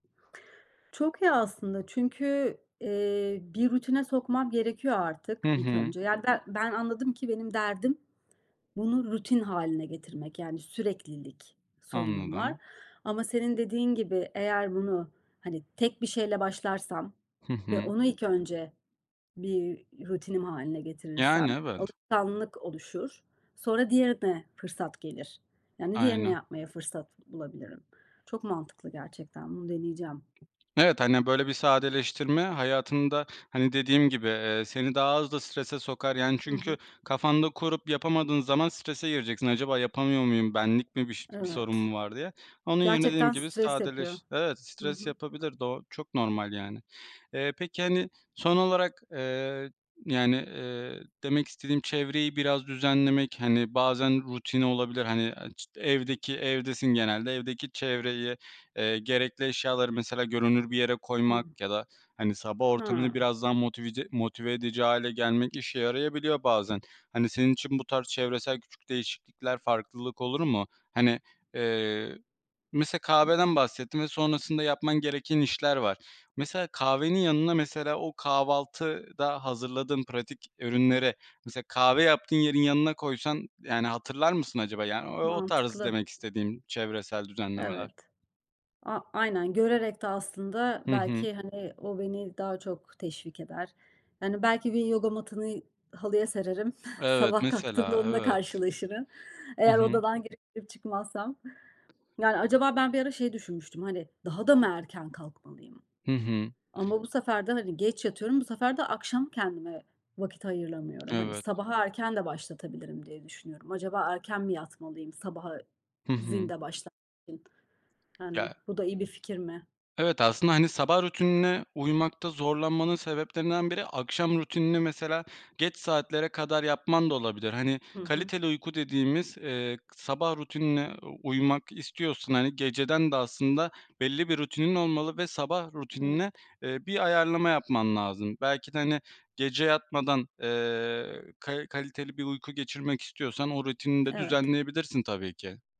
Çok iyi aslında, çünkü, eee, bir rutine sokmam gerekiyor artık Hı ilk hı. önce. Yani, be ben anladım ki benim derdim bunu rutin hâline getirmek, yani, süreklilik sorunum var. Anladım. Ama senin dediğin gibi, eğer bunu, hani, tek bir şeyle başlarsam Hı ve hı. onu ilk önce bir rutinim hâline Yani, getirirsem, evet. alışkanlık oluşur. Sonra diğerine fırsat gelir. Yani, diğerine Aynen. yapmaya fırsat bulabilirim. Çok mantıklı gerçekten, bunu deneyeceğim. Evet, hani, böyle bir sadeleştirme hayatında, hani, dediğim gibi, eee, seni daha az da strese sokar. Yani, Hı çünkü hı. kafanda kurup yapamadığın zaman strese gireceksin. Acaba yapamıyor muyum? Benlik mi bir ş bir sorun mu Evet. var diye. Onun yerine dediğim Gerçekten gibi stres yapıyor. sadeleş evet, Hı stres hı. yapabilir. Doğ o çok normal, yani. Eee, peki, hani, son olarak, eee, yani, eee, demek istediğim çevreyi biraz düzenlemek, hani, bazen rutini olabilir. Hani, aaa, ç evdeki, evdesin genelde, evdeki çevreyi, eee, gerekli eşyaları mesela görünür bir yere koymak Hı. ya da, hani, sabah ortamını Ha. biraz daha motivize motive edici hâle gelmek işe yarayabiliyor bazen. Hani, senin için bu tarz çevresel küçük değişiklikler, farklılık olur mu? Hani, eee, mese kahveden Hıı. bahsettin ve sonrasında yapman gereken işler var. Mesela kahvenin yanına, mesela o kahvaltıda hazırladığın pratik ürünlere, mesela kahve yaptığın yerin yanına koysan, yani, hatırlar mısın acaba? Yani, o o tarz Mantıklı. demek istediğim, çevresel düzenlemeler. Evet. A aynen, görerek de aslında Hı hı. belki, hani, o beni daha çok teşvik eder. Hani, belki gün yoga matını, halıya sererim. Evet, Sabah kalktığımda mesela, onunla evet. karşılaşırım. Hı Eğer hı. odadan girip girip çıkmazsam. Yani, acaba ben bir ara şey düşünmüştüm, hani, daha da mı erken kalkmalıyım? Hı hı. Ama bu sefer de, hani, geç yatıyorum, bu sefer de akşam kendime vakit ayıramıyorum. Hani, Evet. sabahı erken de başlatabilirim diye düşünüyorum. Acaba erken mi yatmalıyım, sabaha Hı hı. zinde başla [unintelligible] yani, [unintelligible] bu da iyi bir fikir mi? Evet, aslında, hani, sabah rutinine uymakta zorlanmanın sebeplerinden biri, akşam rutinini, mesela, geç saatlere kadar yapman da olabilir. Hani, Hı hı. kaliteli uyku dediğimiz, eee, k sabah rutinine uymak istiyorsun. Hani, geceden de aslında belli bir rutinin olmalı ve sabah Evet. rutinine, eee, bir ayarlama yapman lazım. Belki de, hani, gece yatmadan, eee, ka kaliteli bir uyku geçirmek istiyorsan o rutinini de Evet. düzenleyebilirsin, tabii ki.